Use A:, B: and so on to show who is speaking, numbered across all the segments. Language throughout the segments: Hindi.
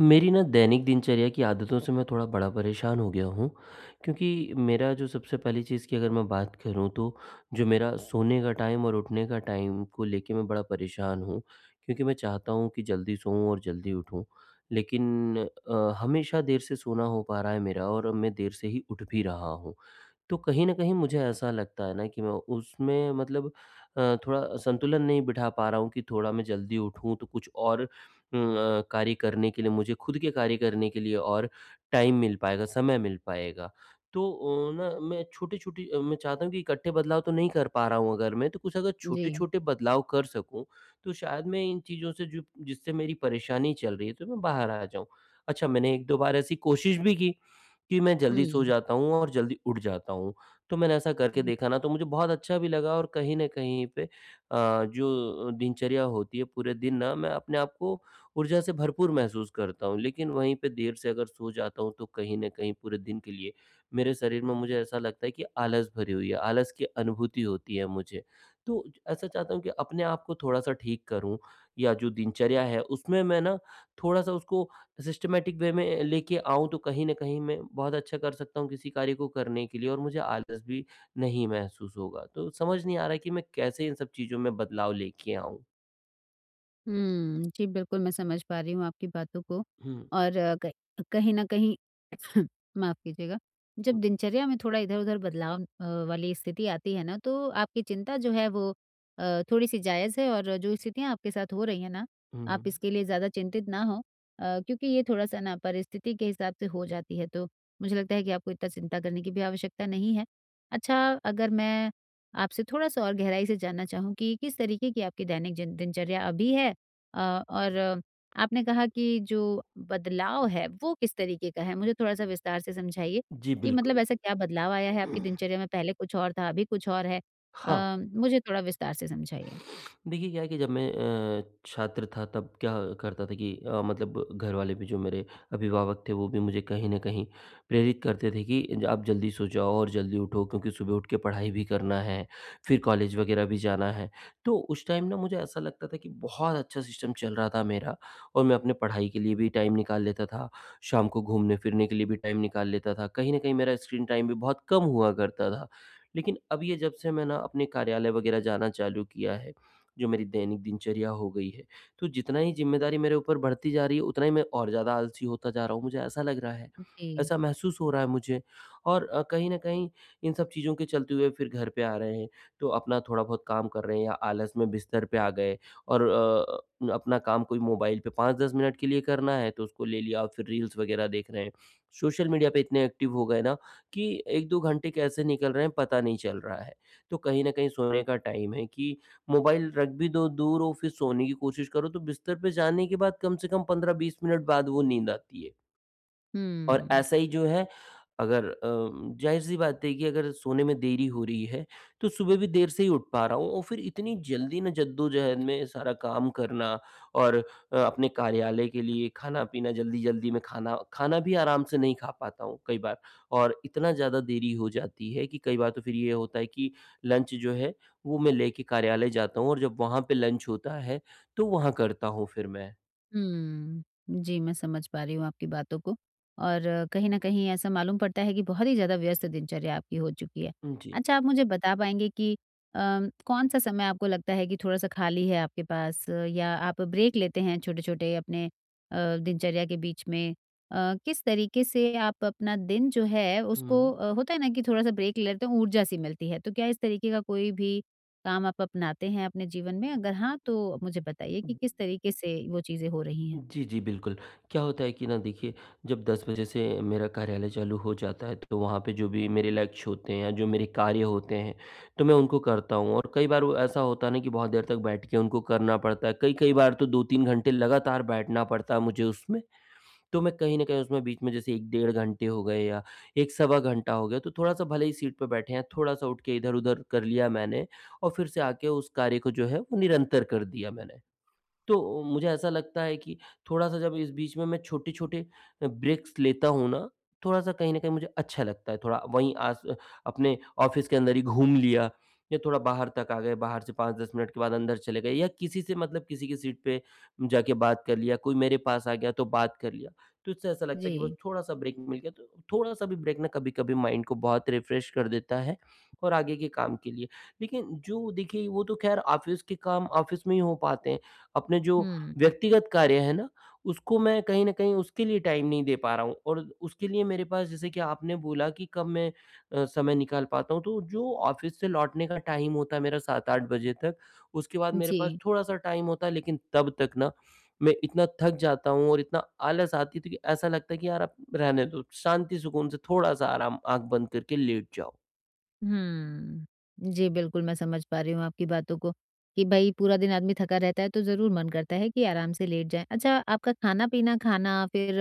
A: मेरी न दैनिक दिनचर्या की आदतों से मैं थोड़ा बड़ा परेशान हो गया हूँ। क्योंकि मेरा जो सबसे पहली चीज़ की अगर मैं बात करूँ तो, जो मेरा सोने का टाइम और उठने का टाइम को लेके मैं बड़ा परेशान हूँ, क्योंकि मैं चाहता हूँ कि जल्दी सोऊँ और जल्दी उठूँ, लेकिन अ, हमेशा देर से सोना हो पा रहा है मेरा और मैं देर से ही उठ भी रहा हूँ। तो कहीं न कहीं मुझे ऐसा लगता है ना कि मैं उसमें मतलब अ, थोड़ा संतुलन नहीं बिठा पा रहा हूँ कि थोड़ा मैं जल्दी उठूँ तो कुछ और उम, अ, कार्य करने के लिए मुझे ख़ुद के कार्य करने के लिए और टाइम मिल पाएगा, समय मिल पाएगा। तो ओ न मैं छोटी-छोटी अ, मैं चाहता हूँ कि इकट्ठे बदलाव तो नहीं कर पा रहा हूँ अगर मैं तो कुछ अगर
B: जी।
A: छोटे-छोटे बदलाव कर सकूँ, तो शायद मैं इन चीज़ों से जो जिससे मेरी परेशानी चल रही है उससे मैं बाहर आ जाऊँ। अच्छा मैंने 1-2 बार ऐसी कोशिश भी की, कि मैं जल्दी
B: हुँ।
A: सो जाता हूँ और जल्दी उठ जाता हूँ। तो मैंने ऐसा करके देखा ना तो मुझे बहुत अच्छा भी लगा और कहीं न कहीं पे अ, जो दिनचर्या होती है पूरे दिन ना मैं अपने आप को ऊर्जा से भरपूर महसूस करता हूँ लेकिन वहीं पे देर से अगर सो जाता हूँ तो कहीं न कहीं पूरे दिन के लिए, मेरे शरीर में मुझे ऐसा लगता है कि आलस भरी हुई है, आलस की अनुभूति होती है मुझे। तो ऐसा चाहता हूँ कि अपने आप को थोड़ा-सा ठीक करूँ या जो दिनचर्या है उसमें मैं ना थोड़ा-सा उसको सिस्टमैटिक वे में अ, लेके आऊँ तो कहीं न कहीं मैं बहुत अच्छा कर सकता हूँ किसी कार्य को करने के लिए और मुझे आलस भी, नहीं महसूस होगा। तो समझ नहीं आ रहा है कि मैं कैसे इन सब चीज़ों में बदलाव लेके आऊँ?
B: हुँ, जी बिल्कुल मैं समझ पा रही हूँ आपकी बातों को
A: हुँ।
B: और क कहीं न कहीं माफ़ कीजिएगा, जब दिनचर्या में थोड़ा इधर-उधर बदलाव अ, वाली स्थिति आती है ना तो आपकी चिंता जो है वो अ, थोड़ी-सी जायज़ है और जो स्थितियाँ आपके साथ हो रही हैं ना,
A: हुँ,
B: आप
A: हुँ।
B: इसके लिए ज़्यादा चिंतित ना हो अ, क्योंकि ये थोड़ा-सा ना परिस्थिति के हिसाब से हो जाती है तो मुझे लगता है कि आपको इतना चिंता करने की भी आवश्यकता नहीं है। अच्छा अगर मैं आपसे थोड़ा-सा और गहराई से जानना चाहूँ कि किस तरीक़े की आपकी दैनिक जिन दिनचर्या अभी है अ और आपने कहा कि जो बदलाव है, वो किस तरीक़े का है मुझे थोड़ा-सा विस्तार से समझाइए,
A: जी,
B: कि मतलब
A: बिल्कुल।
B: ऐसा क्या बदलाव आया है आपकी दिनचर्या में पहले कुछ और था, अभी कुछ और है?
A: हाँ।
B: अ, मुझे थोड़ा विस्तार से समझाइए।
A: देखिए क्या है कि जब मैं अ, छात्र था तब क्या करता था कि अ, मतलब घरवाले भी जो मेरे अभिभावक थे वो भी मुझे कहीं न कहीं प्रेरित करते थे कि ज आप जल्दी सो जाओ और जल्दी उठो क्योंकि सुबह उठकर पढ़ाई भी करना है, फ़िर कॉलेज वग़ैरह भी जाना है। तो उस टाइम ना मुझे ऐसा लगता था कि बहुत अच्छा सिस्टम चल रहा था मेरा और मैं अपनी पढ़ाई के लिए भी टाइम निकाल लेता था। शाम को घूमने-फिरने के लिए भी टाइम निकाल लेता था, कहीं न कहीं मेरा स्क्रीन टाइम भी बहुत कम हुआ करता था। लेक़िन अब ये जब से मैं ना अपने कार्यालय वग़ैरह जाना चालू किया है, जो मेरी दैनिक दिनचर्या हो गई है, तो जितना ही ज़िम्मेदारी मेरे ऊपर बढ़ती जा रही है उतना ही मैं और ज़्यादा आलसी होता जा रहा हूँ मुझे ऐसा लग रहा है,
B: जी।
A: ऐसा महसूस हो रहा है मुझे और अ, कहीं न कहीं इन सब चीज़ों के चलते हुए फ़िर घर पे आ रहे हैं तो अपना थोड़ा बहुत काम कर रहे हैं या आलस में बिस्तर पे आ गए और अ, अपना काम कोई मोबाइल पे 5-10 मिनट के लिए करना है तो उसको ले लिया और फ़िर रील्स वग़ैरह देख रहे हैं। सोशल मीडिया पे इतने एक्टिव हो गए ना कि 1-2 घंटे कैसे निकल रहे हैं पता नहीं चल रहा है। तो कहीं न कहीं सोने का टाइम है कि मोबाइल रख भी दो दूर और फ़िर सोने की कोशिश करो तो बिस्तर पे जाने के बाद कम से कम 15-20 मिनट बाद वो नींद आती है। और
B: हुँ।
A: ऐसा ही जो है, अगर अम, ज़ाहिर सी बात है कि अगर सोने में देरी हो रही है, तो सुबह भी देर से ही उठ पा रहा हूँ और फिर इतनी जल्दी ना, जद्दोजहद में सारा काम करना और अ, अपने कार्यालय के लिए खाना-पीना, जल्दी-जल्दी में खाना खाना भी आराम से नहीं खा पाता हूँ कई बार और इतना ज़्यादा देरी हो जाती है कि कई बार तो फिर ये होता है कि लंच जो है, वो मैं लेके कार्यालय जाता हूँ और जब वहाँ पे लंच होता है, तो वहाँ करता हूँ फिर मैं।
B: हुँ। जी, मैं समझ पा रही हूँ आपकी बातों को और कहीं न कहीं ऐसा मालूम पड़ता है कि बहुत ही ज़्यादा व्यस्त दिनचर्या आपकी हो चुकी है।
A: हुँ, जी।
B: अच्छा, आप मुझे बता पाएँगे कि अम, कौन-सा समय आपको लगता है कि थोड़ा-सा खाली है आपके पास या आप ब्रेक लेते हैं छोटे-छोटे अपने अ, दिनचर्या के बीच में? अ, किस तरीके से आप अपना दिन जो है उसको
A: हुँ।
B: अ, होता है ना कि थोड़ा-सा ब्रेक लेते हों ऊर्जा-सी मिलती है, तो क्या इस तरीके का कोई भी काम आप अपनाते हैं अपने जीवन में? अगर हाँ, तो मुझे बताइए कि किस तरीके से वो चीज़ें हो रही हैं।
A: जी, जी, बिल्कुल। क्या होता है कि ना, देखिए, जब 10 बजे से मेरा कार्यालय चालू हो जाता है तो वहाँ पे जो भी मेरे लक्ष्य होते हैं या जो मेरे कार्य होते हैं, तो मैं उनको करता हूँ और कई बार वो ऐसा होता है ना कि बहुत देर तक बैठ के उनको करना पड़ता है, कई-कई बार तो 2-3 घंटे लगातार बैठना पड़ता है मुझे उसमें। तो मैं कहीं न कहीं उसमें बीच में जैसे 1 डेढ़ घंटे हो गए या 1 सवा घंटा हो गया तो थोड़ा-सा भले ही सीट पे बैठे हैं, थोड़ा-सा उठ के इधर-उधर कर लिया मैंने और फिर से आके उस कार्य को जो है, वो निरंतर कर दिया मैंने। तो मुझे ऐसा लगता है कि थोड़ा-सा जब इस बीच में मैं छोटे-छोटे अ, ब्रेक्स् लेता हूँ ना, थोड़ा-सा कहीं न कहीं मुझे अच्छा लगता है थोड़ा वहीं आस अपने ऑफ़िस के अंदर ही घूम लिया या थोड़ा बाहर तक आ गए बाहर से 5-10 मिनट के बाद अंदर चले गए या किसी से मतलब किसी की सीट पे जाके बात कर लिया, कोई मेरे पास आ गया, तो बात कर लिया। तो इससे ऐसा लगता है कि बस
B: जी।
A: थोड़ा-सा ब्रेक मिल गया तो थोड़ा-सा भी ब्रेक ना कभी-कभी माइन्ड को बहुत रिफ्रेश कर देता है और आगे के काम के लिए। लेकिन जो देखिए, वो तो खैर ऑफ़िस के काम ऑफ़िस में ही हो पाते हैं, अपने जो
B: हुँ।
A: व्यक्तिगत कार्य हैं ना, उसको मैं कहीं न कहीं उसके लिए टाइम नहीं दे पा रहा हूँ और उसके लिए मेरे पास जैसे कि आपने बोला कि कब मैं अ, समय निकाल पाता हूँ तो जो ऑफ़िस से लौटने का टाइम होता है मेरा 7-8 बजे तक, उसके बाद मेरे पास
B: जी।
A: थोड़ा-सा टाइम होता है लेकिन तब तक ना, मैं इतना थक जाता हूँ और इतना आलस आती है तो कि ऐसा लगता है कि, "यार, अब रहने दो। शांति, सुकून से थोड़ा-सा आराम, आँख बंद करके लेट जाओ।"
B: हम्म। जी, बिल्कुल, मैं समझ पा रही हूँ आपकी बातों को, कि भई, पूरा दिन आदमी थका रहता है, तो ज़रूर मन करता है कि आराम से लेट जाएँ। अच्छा, आपका खाना-पीना खाना, फिर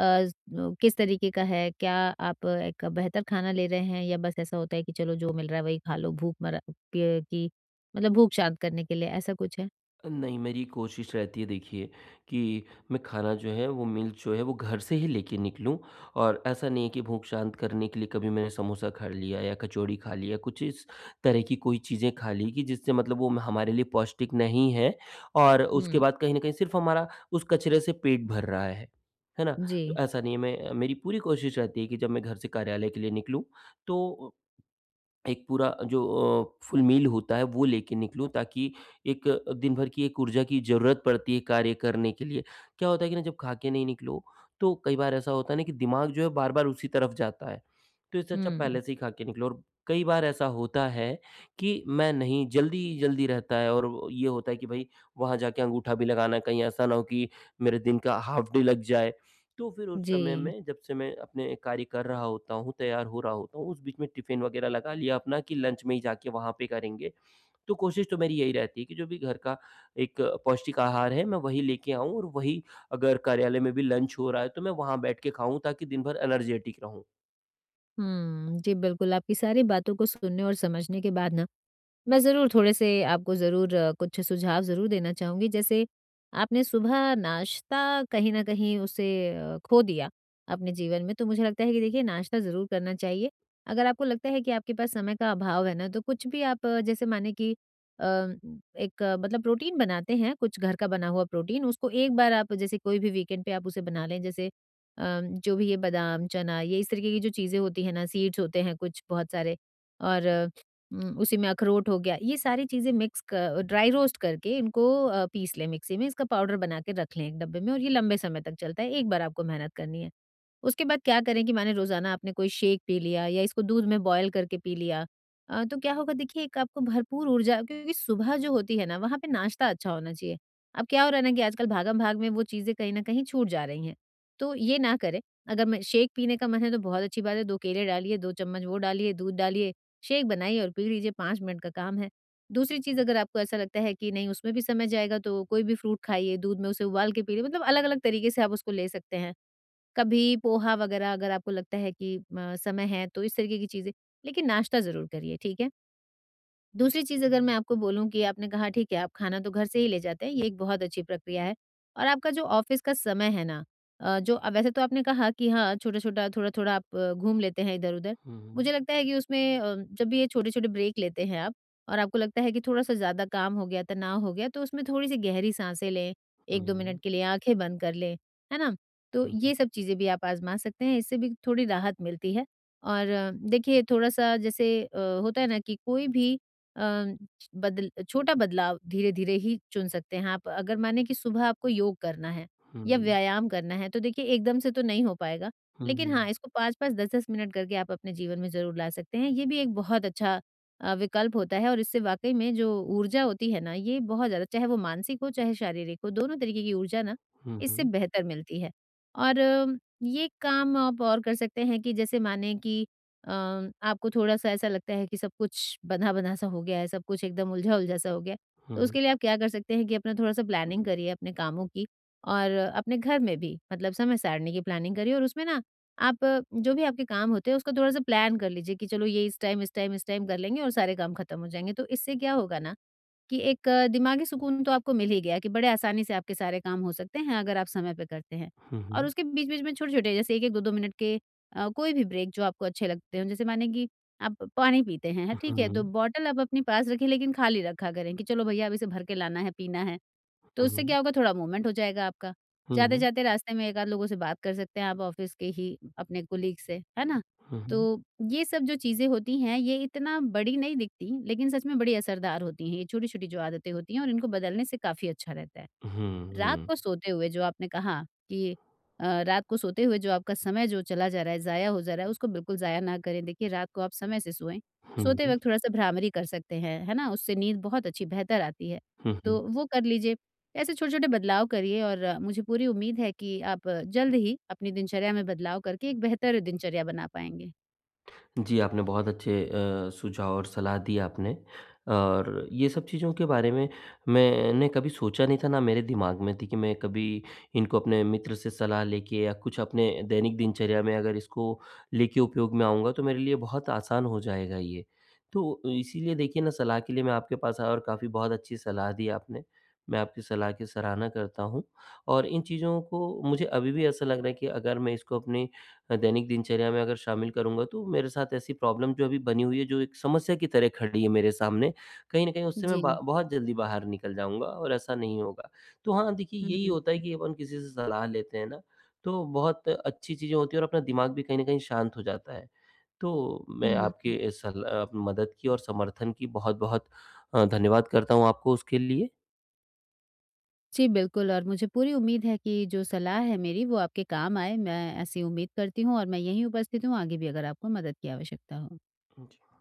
B: अज़ किस तरीके का है? क्या आप एक बेहतर खाना ले रहे हैं या बस ऐसा होता है कि चलो जो मिल रहा है, वही खालो भूखमरा के कि मतलब भूख शांत करने के लिए? ऐसा कुछ है?
A: नहीं मेरी कोशिश रहती है देखिए, कि मैं खाना जो है वो मील जो है वो घर से ही लेके निकलूँ और ऐसा नहीं है कि भूख शांत करने के लिए कभी मैंने समोसा खा लिया या कचौड़ी खा लिया या कुछ इस तरह की कोई चीज़ें खा ली कि जिससे मतलब वो हमारे लिए पौष्टिक नहीं है और उसके
B: हुँ।
A: बाद कहीं न कहीं सिर्फ़ हमारा उस कचरे से पेट भर रहा है, है ना? तो
B: जी।
A: ऐसा नहीं है, मैं मेरी पूरी कोशिश रहती है कि जब मैं घर से कार्यालय के लिए निकलूँ, तो अ, एक पूरा जो अ, फुल मील होता है वो लेके निकलूँ ताकि एक अ, दिनभर की एक ऊर्जा की ज़रूरत पड़ती है कार्य करने के लिए। क्या होता है ना कि जब खाकर नहीं निकलो, तो कई बार ऐसा होता है कि दिमाग जो है बार-बार उसी तरफ़ जाता है। तो इससे अच्छा
B: हुँ।
A: पहले से ही खाके निकलो और कई बार ऐसा होता है, कि मैं नहीं जल्दी ही जल्दी रहता है और वो ये होता है कि भाई वहाँ जाके अंगूठा भी लगाना है, कहीं ऐसा न हो कि मेरे दिन का हाफ डे लग जाए। तो फिर उस
B: जी।
A: समय में जब से मैं अपने कार्य कर रहा होता हूँ, तैयार हो रहा होता हूँ, उस बीच में टिफ़िन वगैरह लगा लिया अपना कि लंच में ही जाके वहाँ पे करेंगे। तो कोशिश तो मेरी यही रहती है कि जो भी घर का एक पौष्टिक आहार है मैं वही लेके आऊँ और वही अगर कार्यालय में भी लंच हो रहा है तो मैं वहाँ बैठ के खाऊँ ताकि दिनभर एनर्जेटिक रहूँ।
B: हम्म, जी बिल्कुल, आपकी सारी बातों को सुनने और समझने के बाद ना, मैं ज़रूर थोड़े से आपको ज़रूर अ, कुछ सुझाव ज़रूर देना चाहूँगी जैसे आपने सुबह नाश्ता कहीं न कहीं उसे अ, खो दिया अपने जीवन में, तो मुझे लगता है कि देखिए नाश्ता ज़रूर करना चाहिए। अगर आपको लगता है कि आपके पास समय का अभाव है ना, तो कुछ भी आप जैसे माने कि अ, एक मतलब प्रोटीन बनाते हैं कुछ घर का बना हुआ प्रोटीन उसको 1 बार आप जैसे कोई भी वीकेंड पे आप उसे बना लें जैसे अम, जो भी ये बादाम, चना, ये इस तरीके की जो चीजें होती हैं ना सीड्स होते हैं कुछ बहुत सारे और उम, उसी में अखरोट हो गया। ये सारी चीजें मिक्स क ड्राई रोस्ट करके इनको अ, पीस लें मिक्सी में, इसका पाउडर बनाके रख लें एक डब्बे में और ये लंबे समय तक चलता है 1 बार आपको मेहनत करनी है। उसके बाद क्या करें कि माने रोजाना आपने कोई शेक पी लिया या इसको दूध में बॉइल करके पी लिया, अ, तो क्या होगा? देखिए 1 आपको भरपूर ऊर्जा क्योंकि सुबह जो होती है ना वहाँ पे नाश्ता अच्छा होना चाहिए। अब क्या हो रहा है ना कि आजकल भागम-भाग में वो चीजें कहीं न कहीं छूट जा रही हैं तो ये ना करें। अगर म शेक पीने का मन है तो बहुत अच्छी बात है। 2 केले डालिए, 2 चम्मच वो डालिए, दूध डालिए, शेक बनाइए और पी लीजिए, 5 मिनट का काम है। दूसरी चीज अगर आपको ऐसा लगता है कि नहीं उसमें भी समय जाएगा तो कोई भी फ्रूट खाइए, दूध में उसे उबाल के पी लें मतलब अलग-अलग तरीके से आप उसको ले सकते हैं। कभी पोहा वगैरह अगर आपको लगता है कि म समय है तो इस तरीके की चीजें, लेकिन नाश्ता ज़रूर करिए, ठीक है? दूसरी चीज़ अगर मैं आपको बोलूँ कि आपने कहा ठीक है, आप खाना तो घर से ही ले जाते हैं, ये एक बहुत अच्छी प्रक्रिया है। और आपका जो ऑफिस का समय है ना अ, जो वैसे तो आपने कहा कि हाँ छोटा-छोटा, थोड़ा-थोड़ा आप घूम लेते हैं इधर-उधर,
A: हुँ।
B: मुझे लगता है कि उसमें अ, जब भी ये छोटे-छोटे ब्रेक लेते हैं आप और आपको लगता है कि थोड़ा सा ज़्यादा काम हो गया तनाव हो गया तो उसमें थोड़ी सी गहरी साँसें लें, 1-2
A: हुँ।
B: मिनट के लिए आँखें बंद कर लें। है ना? तो
A: हुँ, हुँ।
B: ये सब चीजें भी आप आजमा सकते हैं, इससे भी थोड़ी राहत मिलती है। और देखिए थोड़ा सा जैसे अ, होता है ना कि कोई भी अ, बद छोटा बदलाव धीरे-धीरे ही चुन सकते हैं आप। अगर माने कि सुबह आपको योग करना है या
A: हुँ।
B: व्यायाम करना है तो देखिए एकदम से तो नहीं हो पाएगा,
A: हुँ,
B: लेकिन हाँ,
A: हुँ।
B: इसको 5-5, 10-10 मिनट करके आप अपने जीवन में ज़रूर ला सकते हैं ये भी एक बहुत अच्छा अ, विकल्प होता है और इससे वाक़ई में जो ऊर्जा होती है ना, ये बहुत ज़्यादा चाहे वो मानसिक हो, चाहे शारीरिक हो, दोनों तरीके की ऊर्जा ना
A: हुँ,
B: इससे
A: हुँ।
B: बेहतर मिलती है। और ये काम आप और कर सकते हैं कि जैसे माने कि अम, आपको थोड़ा सा ऐसा लगता है कि सब कुछ बँधा-बँधा सा हो गया है, सब कुछ एकदम उलझा-उलझा सा हो गया है, तो
A: हुँ।
B: उसके लिए आप क्या कर सकते हैं कि अपना थोड़ा सा प्लानिंग करिए अपने कामों की और अपने घर में भी मतलब समय सारणी की प्लानिंग करिए और उसमें ना आप जो भी आपके काम होते हैं उसको थोड़ा-सा प्लान कर लीजिए कि चलो ये इस टाइम, इस टाइम, इस टाइम कर लेंगे और सारे काम खत्म हो जाएँगे। तो इससे क्या होगा ना कि एक दिमागी सुकून तो आपको मिल ही गया कि बड़े आसानी से आपके सारे काम हो सकते हैं अगर आप समय पर करते हैं।
A: हुँ,
B: और
A: हुँ।
B: उसके बीच-बीच में छोटे-छोटे जैसे 1-1, 2-2 मिनट के अ, कोई भी ब्रेक जो आपको अच्छे लगते हों, जैसे माने कि आप पानी पीते हैं हैं ठीक है तो
A: हुँ।
B: बॉटल आप अपने पास रखें लेकिन खाली रखा करें कि चलो भैया अब इसे भरकर लाना है, पीना है। तो
A: हुँ,
B: उससे
A: हुँ।
B: क्या होगा? थोड़ा मूवमेंट हो जाएगा आपका।
A: हुँ।
B: जाते-जाते रास्ते में एक-आध लोगों से बात कर सकते हैं आप ऑफिस के ही अपने कलीग से, है ना?
A: हुँ, हुँ।
B: तो ये सब जो चीज़ें होती हैं ये इतना बड़ी नहीं दिखती लेकिन सच में बड़ी असरदार होती हैं ये छोटी-छोटी जो आदतें होती हैं और इनको बदलने से काफ़ी अच्छा रहता है।
A: हुँ,
B: रात
A: हुँ।
B: को सोते हुए जो आपने कहा कि अ, रात को सोते हुए जो आपका समय जो चला जा रहा है, जाया हो जा रहा है उसको बिल्कुल जाया ना करें देखिए रात को आप समय से सोएँ।
A: हुँ,
B: सोते
A: हुँ।
B: वक़्त थोड़ा सा भ्रामरी कर सकते हैं, है ना? उससे नींद बहुत अच्छी, बेहतर आती है,
A: हुँ, हुँ।
B: तो वो कर लीजिए। ऐसे छोटे-छोटे बदलाव करिए और मुझे पूरी उम्मीद है कि आप जल्द ही अपनी दिनचर्या में बदलाव करके एक बेहतर दिनचर्या बना पाएँगे।
A: जी, आपने बहुत अच्छे अ, सुझाव और सलाह दी आपने। और ये सब चीज़ों के बारे में मैंने कभी सोचा नहीं था ना मेरे दिमाग में थी कि मैं कभी इनको अपने मित्र से सलाह लेके या कुछ अपने दैनिक दिनचर्या में अगर इसको लेके उपयोग में आऊँगा तो मेरे लिए बहुत आसान हो जाएगा ये। तो इसीलिए देखिए ना सलाह के लिए मैं आपके पास आया और काफ़ी बहुत अच्छी सलाह दी आपने, मैं आपकी सलाह की सराहना करता हूँ। और इन चीज़ों को मुझे अभी भी ऐसा लग रहा है कि अगर मैं इसको अपने अ, दैनिक दिनचर्या में अगर शामिल करूँगा तो मेरे साथ ऐसी प्रॉब्लम जो अभी बनी हुई है, जो एक समस्या की तरह खड़ी है मेरे सामने, कहीं न कहीं उससे मैं
B: जी।
A: बा बहुत जल्दी बाहर निकल जाऊँगा और ऐसा नहीं होगा। तो हाँ, देखिए
B: हुँ,
A: यही
B: हुँ,
A: होता है
B: हुँ।
A: कि अपन किसी से सलाह लेते हैं ना, तो बहुत अच्छी चीज़ें होती हैं और अपना दिमाग भी कहीं न कहीं शांत हो जाता है। तो मैं
B: हुँ,
A: आपकी
B: हुँ।
A: इस सरल अ, मदद की और समर्थन की बहुत-बहुत अ, धन्यवाद करता हूँ आपको उसके लिए।
B: जी, बिल्कुल और मुझे पूरी उम्मीद है कि जो सलाह है मेरी वो आपके काम आए, मैं ऐसी उम्मीद करती हूँ और मैं यहीं उपस्थित हूँ आगे भी अगर आपको मदद की आवश्यकता हो।
A: हाँ, जी।